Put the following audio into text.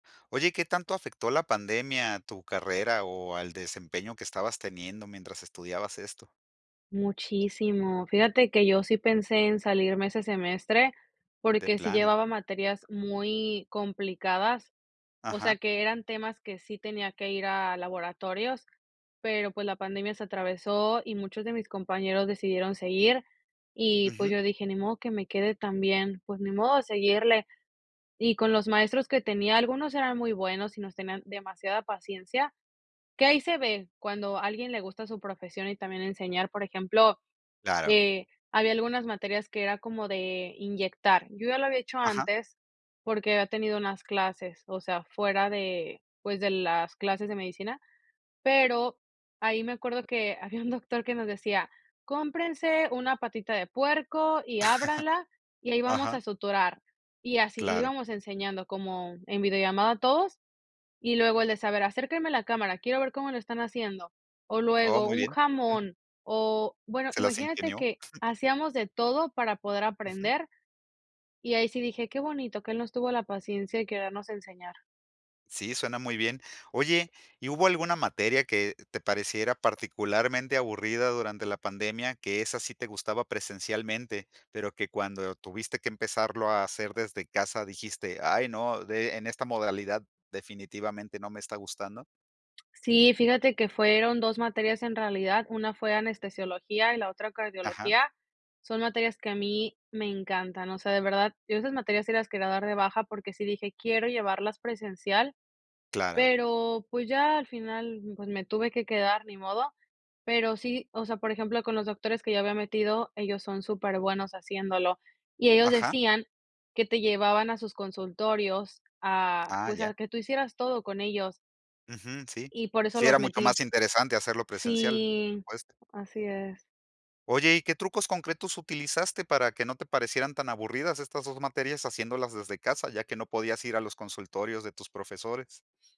Oye, ¿qué tanto afectó la pandemia a tu carrera o al desempeño que estabas teniendo mientras estudiabas esto? Muchísimo. Fíjate que yo sí pensé en salirme ese semestre, De porque sí plano. llevaba materias muy complicadas. O Ajá. sea, que eran temas que sí tenía que ir a laboratorios, pero, pues, la pandemia se atravesó, y muchos de mis compañeros decidieron seguir. Y, pues, Ujú. yo dije: "Ni modo que me quede también, pues, ni modo, a seguirle". Y con los maestros que tenía, algunos eran muy buenos y nos tenían demasiada paciencia, que ahí se ve cuando a alguien le gusta su profesión y también enseñar, por ejemplo, Claro. eh, había algunas materias que era como de inyectar. Yo ya lo había hecho Ajá. antes porque había tenido unas clases, o sea, fuera de, pues, de las clases de medicina, pero ahí me acuerdo que había un doctor que nos decía: "Cómprense una patita de puerco y ábranla, y ahí vamos Ajá. a suturar", y así, le Claro. íbamos enseñando como en videollamada todos, y luego el de: "Saber, acérquenme a la cámara, quiero ver cómo lo están haciendo", o Oh, luego muy un bien. Jum. jamón o bueno, Se las imagínate ingenió. que hacíamos de todo para poder Ujú. aprender. Y ahí sí dije: "Qué bonito que él nos tuvo la paciencia y querernos enseñar". Sí, suena muy bien. Oye, ¿y hubo alguna materia que te pareciera particularmente aburrida durante la pandemia, que esa sí te gustaba presencialmente, pero que cuando tuviste que empezarlo a hacer desde casa dijiste: "Ay, no, de en esta modalidad definitivamente no me está gustando"? Sí, fíjate que fueron 2 materias, en realidad. Una fue anestesiología y la otra Ajá. cardiología. Son materias que a mí me encantan, o sea, de verdad, yo esas materias sí las quería dar de baja, porque sí dije: "Quiero llevarlas presencial", Claro. pero, pues, ya al final, pues, me tuve que quedar, ni modo. Pero sí o sea, por ejemplo, con los doctores que yo había metido, ellos son superbuenos haciéndolo, y ellos Ajá. decían que te llevaban a sus consultorios a, Ah, pues, ya. a que tú hicieras todo con ellos Ujú. Sí. y por eso Sí, los era mucho metí. más interesante hacerlo presencial, por Sí. supuesto. Así es. Oye, ¿y qué trucos concretos utilizaste para que no te parecieran tan aburridas estas 2 materias haciéndolas desde casa, ya que no podías ir a los consultorios de tus profesores?